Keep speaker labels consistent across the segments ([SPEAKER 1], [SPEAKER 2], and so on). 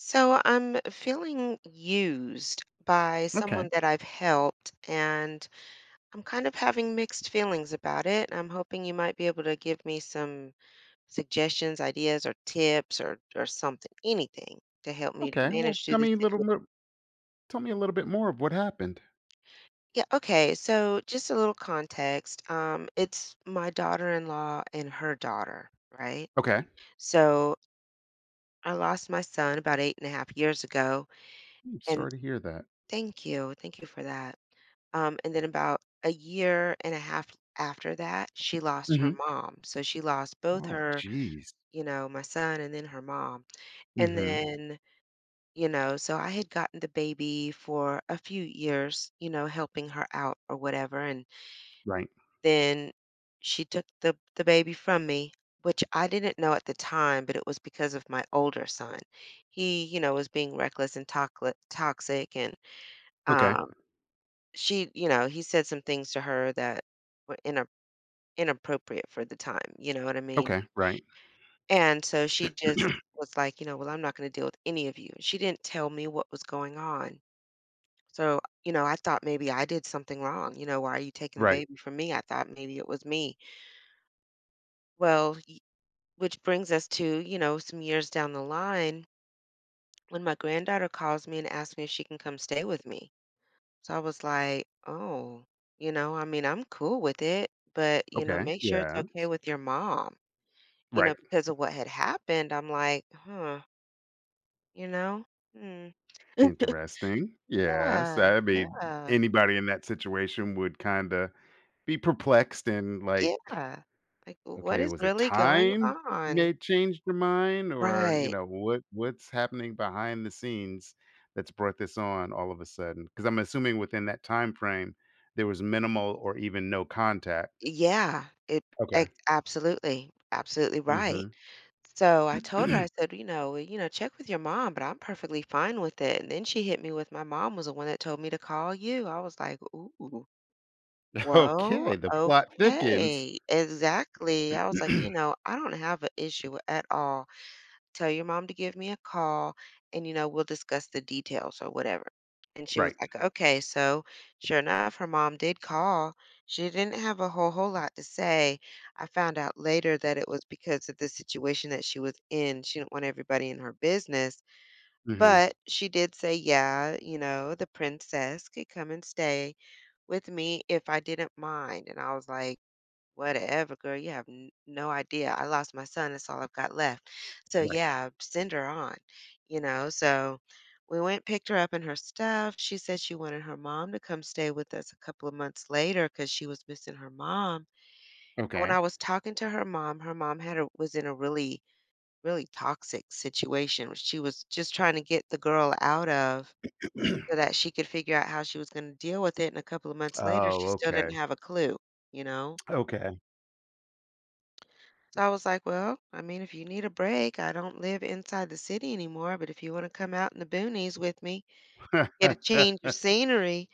[SPEAKER 1] So, I'm feeling used by someone
[SPEAKER 2] Okay.
[SPEAKER 1] that I've helped, and I'm kind of having mixed feelings about it. I'm hoping you might be able to give me some suggestions, ideas, or tips, or or something, anything to help me to
[SPEAKER 2] Okay. Well,
[SPEAKER 1] manage through
[SPEAKER 2] tell
[SPEAKER 1] this
[SPEAKER 2] me a little
[SPEAKER 1] situ
[SPEAKER 2] bit tell me a little bit more of what happened.
[SPEAKER 1] Yeah, okay. So, just a little context, um, it's my daughter-in-law and her daughter, right?
[SPEAKER 2] Okay.
[SPEAKER 1] So, I lost my son about 8.5 years ago,
[SPEAKER 2] I'm
[SPEAKER 1] and
[SPEAKER 2] sorry to hear that.
[SPEAKER 1] thank you, thank you for that, um, and then about a year and a 1/2 after that, she lost her
[SPEAKER 2] Mhm.
[SPEAKER 1] mom. So she lost both
[SPEAKER 2] Oh,
[SPEAKER 1] her
[SPEAKER 2] jeez.
[SPEAKER 1] you know, my son and then her mom. And
[SPEAKER 2] Mhm.
[SPEAKER 1] then you know? So I had gotten the baby for a few years, you know, helping her out or whatever, and
[SPEAKER 2] Right.
[SPEAKER 1] then she took the the baby from me, which I didn't know at the time, but it was because of my older son. He, you know, was being reckless and toxic toxic, and,
[SPEAKER 2] Okay.
[SPEAKER 1] um, she you know, he said some things to her that were ina inappropriate for the time. You know what I mean?
[SPEAKER 2] Okay. Right.
[SPEAKER 1] And so she just was like, you know, "Well, I'm not gonna deal with any of you." She didn't tell me what was going on. So, you know, I thought maybe I did something wrong. You know, "Why are you taking the
[SPEAKER 2] Right.
[SPEAKER 1] baby from me?" I thought maybe it was me. Well, y which brings us to, you know, some years down the line when my granddaughter calls me and asked me if she can come stay with me. So I was like, "Oh, you know, I mean, I'm cool with it, but, you know,
[SPEAKER 2] Okay,
[SPEAKER 1] make sure it's okay
[SPEAKER 2] yes.
[SPEAKER 1] with your mom." You know,
[SPEAKER 2] Right.
[SPEAKER 1] because of what had happened, I'm like, "Huh" you know? Mm.
[SPEAKER 2] Interesting. Yes.
[SPEAKER 1] Yeah,
[SPEAKER 2] That'd be
[SPEAKER 1] yeah.
[SPEAKER 2] anybody in that situation would kinda be perplexed and, like,
[SPEAKER 1] Yeah. Like, what
[SPEAKER 2] "Okay,
[SPEAKER 1] is
[SPEAKER 2] was it
[SPEAKER 1] really going
[SPEAKER 2] time you may
[SPEAKER 1] on?
[SPEAKER 2] change your mind or, you
[SPEAKER 1] Right.
[SPEAKER 2] know, what what's happening behind the scenes that's brought this on all of a sudden?" 'Cause I'm assuming within that time frame, there was minimal or even no contact.
[SPEAKER 1] Yeah. It
[SPEAKER 2] Okay.
[SPEAKER 1] it absolutely, absolutely right.
[SPEAKER 2] Mhm.
[SPEAKER 1] So I told her, I said, you know "You know, check with your mom, but I'm perfectly fine with it." And then she hit me with, "My mom was the one that told me to call you." I was like, "Ooh, well,
[SPEAKER 2] Okay, the plot thickens.
[SPEAKER 1] okay." Exactly, I was like, you know, "I don't have a issue at all. Tell your mom to give me a call, and, you know, we'll discuss the details or whatever." And she was
[SPEAKER 2] Right.
[SPEAKER 1] like, "Okay." So, sure enough, her mom did call. She didn't have a whole whole lot to say. I found out later that it was because of the situation that she was in, she didn't want everybody in her business.
[SPEAKER 2] Mhm.
[SPEAKER 1] But she did say, "Yeah," you know, the princess could come and stay with me if I didn't mind. And I was like, "Whatever, girl, you have n no idea, I lost my son. That's all I've got left. So,
[SPEAKER 2] Right.
[SPEAKER 1] yeah, send her on." You know? So we went picked her up and her stuff. She said she wanted her mom to come stay with us a couple of months later 'cause she was missing her mom. And when I
[SPEAKER 2] Okay.
[SPEAKER 1] was talking to her mom, her mom had a was in a really, really toxic situation where she was just trying to get the girl out of so that she could figure out how she was gonna deal with it. And a couple of months later, she
[SPEAKER 2] Oh,
[SPEAKER 1] still didn't
[SPEAKER 2] okay.
[SPEAKER 1] have a clue. You know?
[SPEAKER 2] Okay.
[SPEAKER 1] So, I was, like, well, I mean, if you need a break, I don't live inside the city anymore, but if you wanna come out in the boonies with me, get a change of scenery,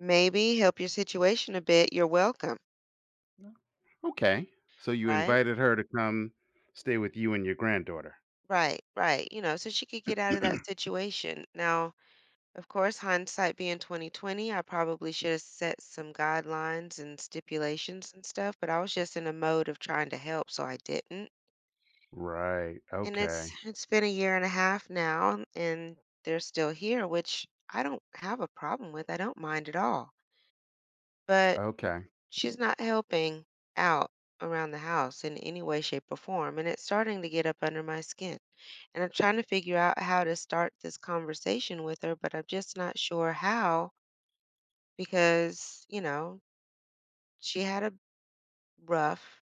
[SPEAKER 1] maybe help your situation a bit, you're welcome.
[SPEAKER 2] No. Okay. So, you
[SPEAKER 1] Right?
[SPEAKER 2] invited her to come stay with you and your granddaughter?
[SPEAKER 1] Right, right, you know, so she could get out of that situation. Now, of course, hindsight being 20/20, I probably should've set some guidelines and stipulations and stuff, but I was just in a mode of trying to help, so I didn't.
[SPEAKER 2] Right,
[SPEAKER 1] And it's
[SPEAKER 2] okay.
[SPEAKER 1] it's been a year and a half now, and they're still here, which I don't have a problem with, I don't mind at all. But.
[SPEAKER 2] Okay.
[SPEAKER 1] She's not helping out around the house in any way, shape, or form, and it's starting to get up under my skin. And I'm trying to figure out how to start this conversation with her, but I'm just not sure how because, you know she had a rough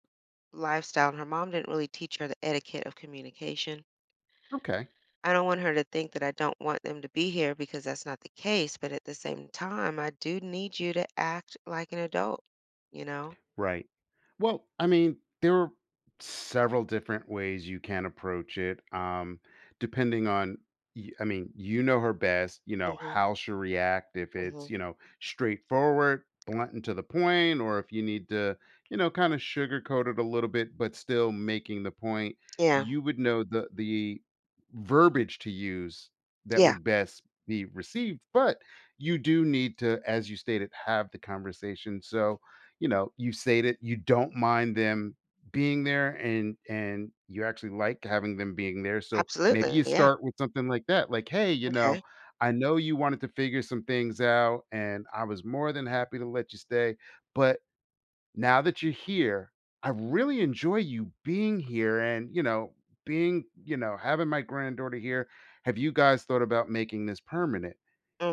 [SPEAKER 1] lifestyle, and her mom didn't really teach her the etiquette of communication.
[SPEAKER 2] Okay.
[SPEAKER 1] I don't want her to think that I don't want them to be here because that's not the case, but at the same time, I do need you to act like an adult. You know?
[SPEAKER 2] Right. Well, I mean, there several different ways you can approach it, um, depending on y I mean, you know her best, you know,
[SPEAKER 1] Mhm.
[SPEAKER 2] how she'll react, if
[SPEAKER 1] Mhm.
[SPEAKER 2] it's, you know, straightforward, blunt, and to the point, or if you need to, you know, kinda sugarcoat it a little bit but still making the point,
[SPEAKER 1] Yeah.
[SPEAKER 2] you would know the the verbiage to use that
[SPEAKER 1] Yeah.
[SPEAKER 2] would best be received, but you do need to, as you stated, have the conversation so, you know, you stated you don't mind them being there, and and you actually like having them being there so, maybe
[SPEAKER 1] Absolutely,
[SPEAKER 2] you
[SPEAKER 1] yeah.
[SPEAKER 2] start with something like that, like, hey you
[SPEAKER 1] Okay.
[SPEAKER 2] know, I know you wanted to figure some things out, and I was more than happy to let you stay, but now that you're here, I really enjoy you being here and, you know, being you know, having my granddaughter here have you guys thought about making this permanent?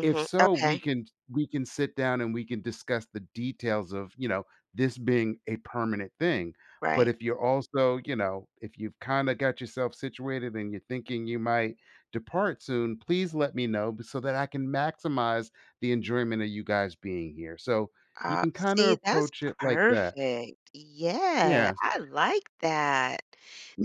[SPEAKER 2] If so, we
[SPEAKER 1] okay.
[SPEAKER 2] can we can sit down and we can discuss the details of, you know, this being a permanent thing. But
[SPEAKER 1] Right.
[SPEAKER 2] if you're also, you know, if you've kinda got yourself situated and you're thinking you might depart soon, please let me know b so that I can maximize the enjoyment of you guys being here so, you can
[SPEAKER 1] Opps
[SPEAKER 2] kinda
[SPEAKER 1] see, that's
[SPEAKER 2] approach it like that.
[SPEAKER 1] perfect. Yeah,
[SPEAKER 2] Yeah.
[SPEAKER 1] I like that.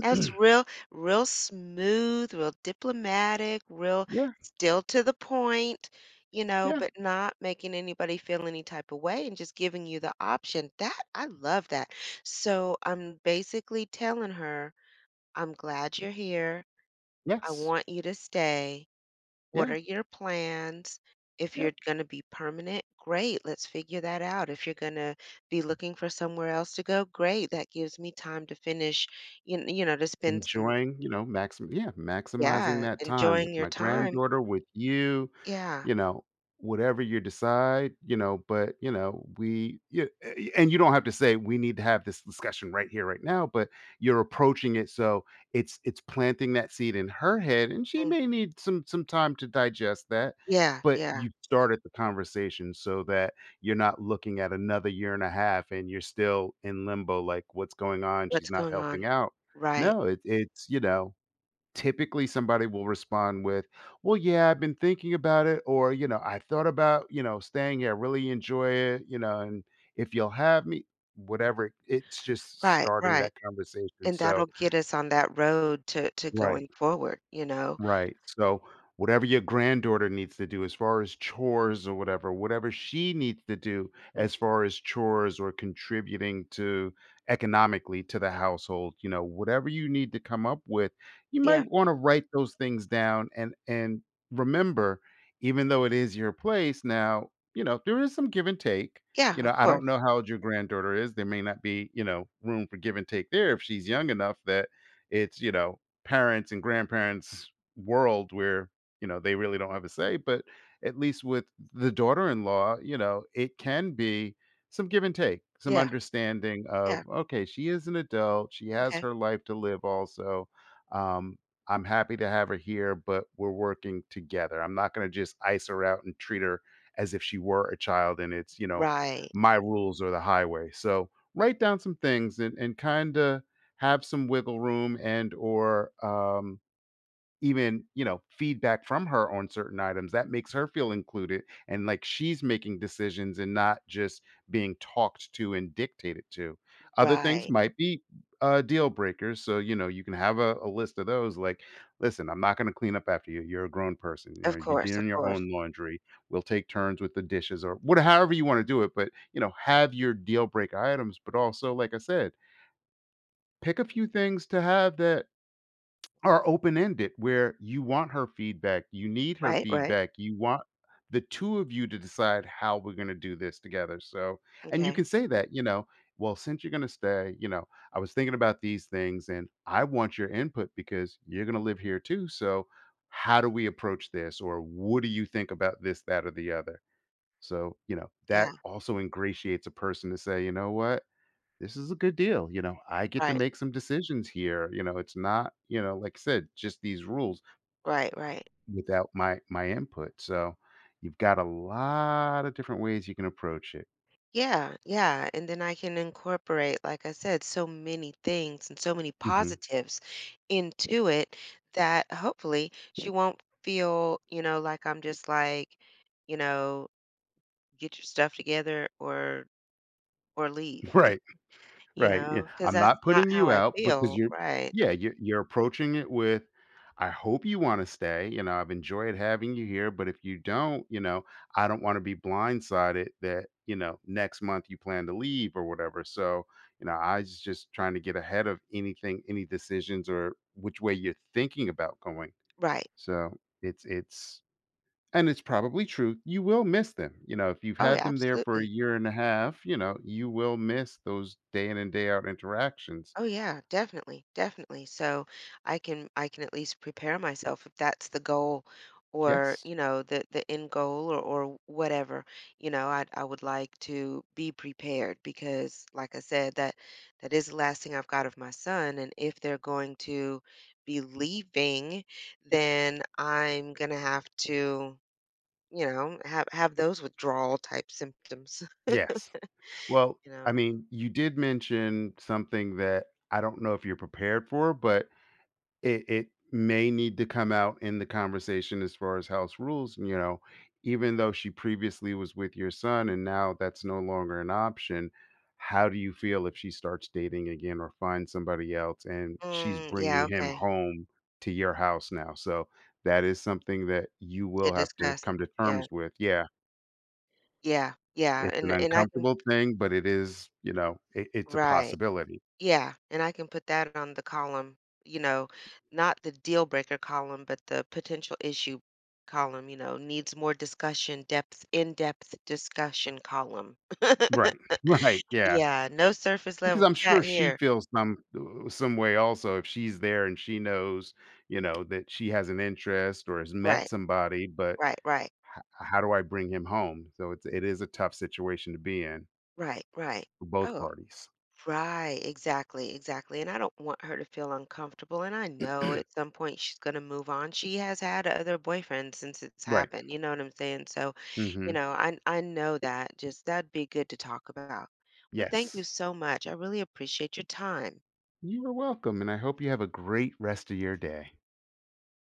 [SPEAKER 1] That's real real smooth, real diplomatic, real
[SPEAKER 2] Yeah.
[SPEAKER 1] still to the point, you know,
[SPEAKER 2] Yeah.
[SPEAKER 1] but not making anybody feel any type of way and just giving you the option. That I love that. So, I'm basically telling her, I'm glad you're here. I
[SPEAKER 2] Yes.
[SPEAKER 1] want you to stay. What
[SPEAKER 2] Yeah.
[SPEAKER 1] are your plans? If you're
[SPEAKER 2] Yep.
[SPEAKER 1] gonna be permanent, great, let's figure that out, if you're gonna be looking for somewhere else to go, great that gives me time to finish, you you know, to spend some
[SPEAKER 2] Enjoying, you know, max yeah maximizing
[SPEAKER 1] Yeah,
[SPEAKER 2] that time with
[SPEAKER 1] enjoying your
[SPEAKER 2] my
[SPEAKER 1] time
[SPEAKER 2] granddaughter, with you,
[SPEAKER 1] Yeah.
[SPEAKER 2] you know, whatever you decide, you know? But, you know, we you eh, eh, y and you don't have to say we need to have th this discussion right here, right now, but you're approaching it so, it's it's planting that seed in her head, and she
[SPEAKER 1] Mm.
[SPEAKER 2] may need some some time to digest that.
[SPEAKER 1] Yeah,
[SPEAKER 2] But
[SPEAKER 1] yeah.
[SPEAKER 2] you started the conversation so that you're not looking at another year and a half, and you're still in limbo, like, what's going on? She's
[SPEAKER 1] What's
[SPEAKER 2] not
[SPEAKER 1] going on?
[SPEAKER 2] helping out.
[SPEAKER 1] Right.
[SPEAKER 2] No it it's you know, typically, somebody will respond with, well, yeah, I've been thinking about it or, you know, I thought about, you know, staying here I really enjoy it, you know, and if you'll have me. Whatever it's just
[SPEAKER 1] Right,
[SPEAKER 2] starting
[SPEAKER 1] right.
[SPEAKER 2] that conversation
[SPEAKER 1] And that'll
[SPEAKER 2] so
[SPEAKER 1] get us on that road to to
[SPEAKER 2] Right.
[SPEAKER 1] going forward, you know?
[SPEAKER 2] Right. So, whatever your granddaughter needs to do as far as chores or whatever, whatever she needs to do as
[SPEAKER 1] Mhm.
[SPEAKER 2] far as chores or contributing to economically to the household, you know, whatever you need to come up with, you
[SPEAKER 1] Yeah.
[SPEAKER 2] might wanna write those things down, and and remember, even though it is your place now, you know, there is some give and take.
[SPEAKER 1] Yeah,
[SPEAKER 2] You
[SPEAKER 1] of
[SPEAKER 2] know? I don't
[SPEAKER 1] course.
[SPEAKER 2] know how old your granddaughter is there may not be, you know, room for give and take there if she's young enough that it's, you know, parents' and grandparents' world where, you know, they really don't have a say, but at least with th the daughter-in-law, you know, it can be some give and take, some
[SPEAKER 1] Yeah.
[SPEAKER 2] understanding of,
[SPEAKER 1] Yeah.
[SPEAKER 2] okay she is an adult, she has
[SPEAKER 1] Okay.
[SPEAKER 2] her life to live also. Um, I'm happy to have her here, but, we're working together I'm not gonna just ice her out and treat her as if she were a child and it's, you know,
[SPEAKER 1] Right.
[SPEAKER 2] my rules or the highway so, write down some things and and kinda have some wiggle room and or, um, even, you know, feedback from her on certain items that makes her feel included and, like, she's making decisions and not just being talked to and dictated to. Other things
[SPEAKER 1] Right.
[SPEAKER 2] might be, uh, deal breakers, so, you know, you can have a a list of those, like, listen, I'm not gonna clean up after you, you're a grown person, you know?
[SPEAKER 1] Of
[SPEAKER 2] You're
[SPEAKER 1] course, of
[SPEAKER 2] doing your
[SPEAKER 1] course.
[SPEAKER 2] own laundry, we'll take turns with the dishes or what however you wanna do it, but, you know, have your deal break items, but, also, like I said pick a few things to have that are open ended where you want her feedback, you need her
[SPEAKER 1] Right, right.
[SPEAKER 2] feedback, you want the 2 of you to decide how we're gonna do this together so, and you
[SPEAKER 1] Okay.
[SPEAKER 2] can say that, you know, well, since you're gonna stay, you know, I was thinking about these things, and I want your input because you're gonna live here too so, how do we approach this? Or what do you think about this, that, or the other? So, you know, that
[SPEAKER 1] Yeah.
[SPEAKER 2] also ingratiates a person to say, you know what? This is a good deal, you know? I get to
[SPEAKER 1] Right.
[SPEAKER 2] make some decisions here, you know? It's not, you know, like said, just these rules
[SPEAKER 1] Right, right.
[SPEAKER 2] without my my input so, you've got a lot of different ways you can approach it.
[SPEAKER 1] Yeah, yeah, and then I can incorporate, like I said, so many things and so many
[SPEAKER 2] Mhm.
[SPEAKER 1] positives into it that, hopefully, she won't feel, you know, like I'm just like, you know, "Get your stuff together or or leave,"
[SPEAKER 2] Right.
[SPEAKER 1] you
[SPEAKER 2] Right, yeah,
[SPEAKER 1] know? 'Cause
[SPEAKER 2] "I'm
[SPEAKER 1] that's
[SPEAKER 2] not
[SPEAKER 1] not
[SPEAKER 2] putting
[SPEAKER 1] how
[SPEAKER 2] you
[SPEAKER 1] I
[SPEAKER 2] out because
[SPEAKER 1] feel,
[SPEAKER 2] you're"
[SPEAKER 1] right?
[SPEAKER 2] Yeah, you you're approaching it with, "I hope you wanna stay, you know, I've enjoyed having you here, but if you don't, you know, I don't wanna be blindsided that, you know, next month you plan to leave or whatever, so, you know, I j just trying to get ahead of anything, any decisions, or which way you're thinking about going."
[SPEAKER 1] Right.
[SPEAKER 2] So, it's it's and it's probably true; you will miss them, you know, if you've
[SPEAKER 1] Oh,
[SPEAKER 2] had
[SPEAKER 1] yeah,
[SPEAKER 2] them there for a
[SPEAKER 1] absolutely.
[SPEAKER 2] year and a half, you know, you will miss those day in and day out interactions.
[SPEAKER 1] Oh, yeah, definitely, definitely, so, I can I can at least prepare myself if that's the goal or,
[SPEAKER 2] Yes.
[SPEAKER 1] you know, the the end goal or or whatever, you know, I I would like to be prepared because, like I said, that that is the last thing I've got of my son, and if they're going to be leaving, then I'm gonna have to, you know, have have those withdrawal type symptoms,
[SPEAKER 2] Yes. Well,
[SPEAKER 1] you
[SPEAKER 2] I
[SPEAKER 1] know?
[SPEAKER 2] mean, you did mention something that I don't know if you're prepared for, but it it may need to come out in the conversation as far as house rules, and you know? Even though she previously was with your son and now that's no longer an option, how do you feel if she starts dating again or find somebody else and she's
[SPEAKER 1] Mm, yeah,
[SPEAKER 2] bringing him
[SPEAKER 1] okay.
[SPEAKER 2] home to your house now, so, that is something that you
[SPEAKER 1] To
[SPEAKER 2] will have to
[SPEAKER 1] discuss,
[SPEAKER 2] come to
[SPEAKER 1] yeah.
[SPEAKER 2] terms with, yeah.
[SPEAKER 1] Yeah, yeah,
[SPEAKER 2] It's an
[SPEAKER 1] and and I can
[SPEAKER 2] uncomfortable thing, but it is, you know, it it's a
[SPEAKER 1] Right.
[SPEAKER 2] possibility.
[SPEAKER 1] Yeah, and I can put that on the column, you know, not the deal breaker column, but the potential issue column, you know, needs more discussion, depth in-depth discussion column.
[SPEAKER 2] Right, right, yeah.
[SPEAKER 1] Yeah, no surface
[SPEAKER 2] Because
[SPEAKER 1] level
[SPEAKER 2] I'm
[SPEAKER 1] chat
[SPEAKER 2] sure she
[SPEAKER 1] here.
[SPEAKER 2] feels some uh, some way also if she's there and she knows, you know, that she has an interest or has met
[SPEAKER 1] Right.
[SPEAKER 2] somebody, but
[SPEAKER 1] Right, right.
[SPEAKER 2] h how do I bring him home? So it's it is a tough situation to be in.
[SPEAKER 1] Right, right.
[SPEAKER 2] For both
[SPEAKER 1] Oh,
[SPEAKER 2] parties.
[SPEAKER 1] right, exactly, exactly, and I don't want her to feel uncomfortable, and I know at some point she's gonna move on; she has had other boyfriends since it's
[SPEAKER 2] Right.
[SPEAKER 1] happened, you know what I'm saying? So, you
[SPEAKER 2] Mhm.
[SPEAKER 1] know, I I know that, just that'd be good to talk about. Well, thank you
[SPEAKER 2] Yes.
[SPEAKER 1] so much, I really appreciate your time.
[SPEAKER 2] You are welcome, and I hope you have a great rest of your day.